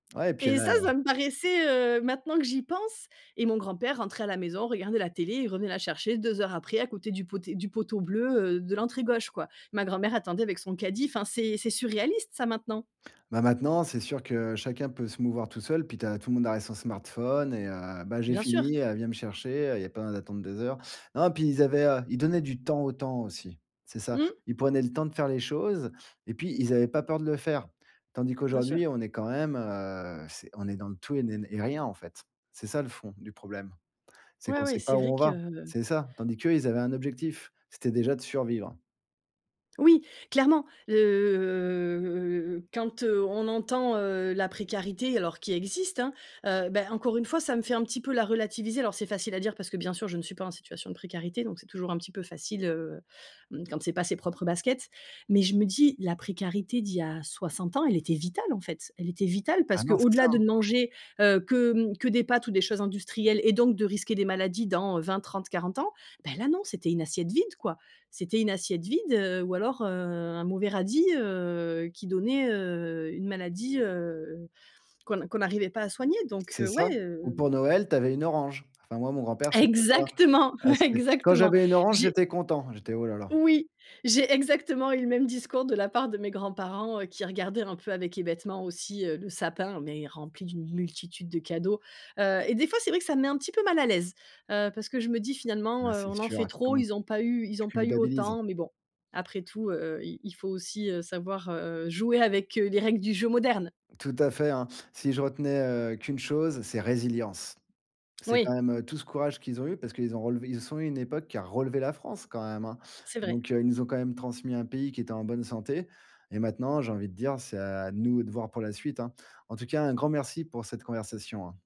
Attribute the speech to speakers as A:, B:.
A: Ouais et puis,
B: Et
A: elle a
B: ça
A: la
B: ça me paraissait, heu, maintenant que j'y pense et mon grand-père rentrait à la maison, regardait la télé et revenait la chercher 2 heures après à côté du poté du poteau bleu, heu, de l'entrée gauche, quoi. Ma grand-mère attendait avec son caddie. Enfin c'est c'est surréaliste ça, maintenant.
A: Ben, maintenant, c'est sûr que chacun peut se mouvoir tout seul. Puis, tu as tout le monde ar est son smartphone et heu: «Ben, j'ai
B: Bien sûr.
A: fini, elle vient me chercher». Il y a pas besoin d'attendre des heures. Non, puis, ils avaient heu, ils donnaient du temps au temps aussi. C'est ça.
B: Mmh.
A: Ils prenaient le temps de faire les choses et puis, ils avaient pas peur de le faire, tandis
B: Bien sûr.
A: qu'aujourd'hui, on est quand même, heu, c'est on est dans le tout et n et rien, en fait. C'est ça le fond du problème, c'est
B: Ouais,
A: qu'on
B: ouais,
A: sait
B: c'est
A: pas
B: vrai
A: où on va,
B: que
A: c'est ça. Tandis qu'eux, ils avaient un objectif, c'était déjà de survivre.
B: Oui, clairement. Le quand, heu, on entend, heu, la précarité, alors qui existe, hein, heu, ben, encore une fois, ça me fait un petit peu la relativiser. Alors c'est facile à dire parce que bien sûr, je ne suis pas en situation de précarité, donc c'est toujours un petit peu facile, heu, mmh, quand c'est pas ses propres baskets. Mais je me dis la précarité d'il y a 60 ans, elle était vitale, en fait. Elle était vitale
A: Ah
B: parce
A: non, c'est ça.
B: qu'au-delà de ne manger, heu, que, mmh, que des pâtes ou des choses industrielles et donc de risquer des maladies dans 20, 30, 40 ans, beh, là, non, c'était une assiette vide, quoi. C'était une assiette vide, heu, ou alors, heu, un mauvais radis, heu, qui donnait, heu, une maladie, heu, qu'on n'a qu'on n'arrivait pas à soigner. Donc,
A: C'est
B: heu, ouais,
A: ça ou
B: hem.
A: pour Noël, tu avais une orange. Enfin moi, mon grand-père, c'était ça.
B: Exactement,
A: Ah c'était: «Quand
B: exactement.
A: j'avais une orange,
B: J'ai
A: j'étais content», j'étais: «Oh là là».
B: oui, j'ai exactement eu le même discours de la part de mes grands-parents qui regardaient un peu avec hébétement aussi, heu, le sapin, mais rempli d'une multitude de cadeaux. Heu et des fois, c'est vrai que ça me met un petit peu mal à l'aise, heu, parce que je me dis: «Finalement,
A: Mais
B: heu,
A: c'est
B: on en
A: sûr,
B: fait
A: ouais,
B: trop,
A: comment t
B: ils ont pas eu ils
A: tu
B: ont pas eu
A: culpabilises.
B: autant», mais bon après tout, heu heu, il il faut aussi, heu, savoir jouer, heu, avec, heu, les règles du jeu moderne.
A: Tout à fait, hein. Si je retenais, heu, qu'une chose, c'est résilience. C'est quand
B: Oui
A: même, heu, tout ce courage qu'ils ont eu parce qu'ils ont relevé Ils sont une époque qui a relevé la France quand même, hein.
B: C'est vrai.
A: Donc, heu, ils nous ont quand même transmis un pays qui était en bonne santé et maintenant, j'ai envie de dire c'est à nous de voir pour la suite, hein. En tout cas, un grand merci pour cette conversation, hein.